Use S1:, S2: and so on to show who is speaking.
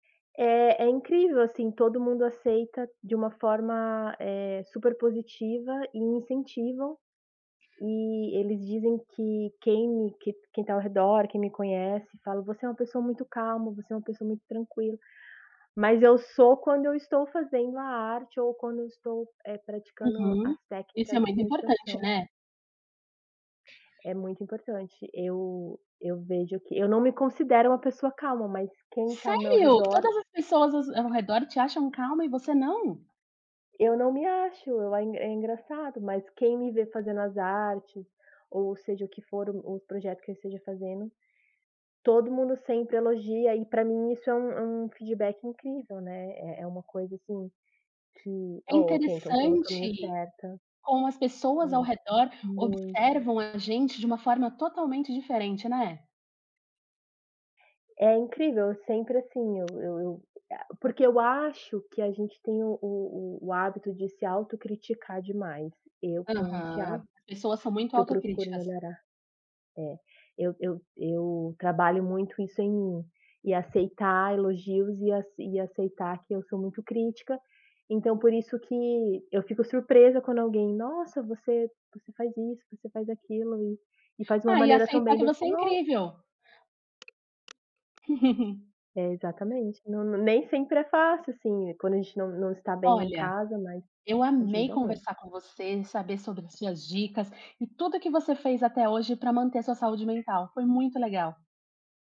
S1: É é incrível, assim, todo mundo aceita de uma forma, eh, super positiva e incentivam, e eles dizem que quem me que quem tá ao redor, quem me conhece, fala: "Você é uma pessoa muito calma, você é uma pessoa muito tranquila", mas eu sou quando eu estou fazendo a arte ou quando eu estou, eh, praticando as
S2: Uhum. Isso é
S1: técnicas de
S2: muito importante,
S1: meditação.
S2: né.
S1: É muito importante, eu eu vejo que eu não me considero uma pessoa calma, mas quem tá ao meu
S2: Sério?
S1: redor.
S2: Todas as pessoas aos ao redor te acham calma e você não?
S1: Eu não me acho, eu ai é é engraçado, mas quem me vê fazendo as artes, ou seja o que for o os projeto que eu esteja fazendo, todo mundo sempre elogia e pra mim isso é um um feedback incrível ,né, é é uma coisa, assim, que
S2: É
S1: ó ok, então estou no caminho
S2: interessante
S1: certa é,
S2: como as pessoas ao redor
S1: muito.
S2: observam a gente de uma forma totalmente diferente, né.
S1: É incrível, eu sempre assim, eu eu, eh, porque eu acho que a gente tem o o o hábito de se autocriticar demais, e eu tenho esse
S2: Aham,
S1: hábito,
S2: pessoas são muito
S1: que eu procuro
S2: autocríticas.
S1: melhorar é, eu eu eu trabalho muito isso em mim, em aceitar elogios e ace e aceitar que eu sou muito crítica, então por isso que eu fico surpresa quando alguém: "Nossa você você faz isso, você faz aquilo e e faz uma
S2: Ah, e
S1: maneira tão
S2: aceitar
S1: bem"
S2: que
S1: dai eu
S2: você é
S1: falei: "Ó".
S2: incrível.
S1: É exatamente, não nem sempre é fácil, assim, quando a gente não não está bem em
S2: Olha,
S1: casa, mas
S2: eu amei
S1: ajuda
S2: conversar
S1: muito.
S2: com você e saber sobre as suas dicas, e tudo que você fez até hoje para manter a sua saúde mental, foi muito legal.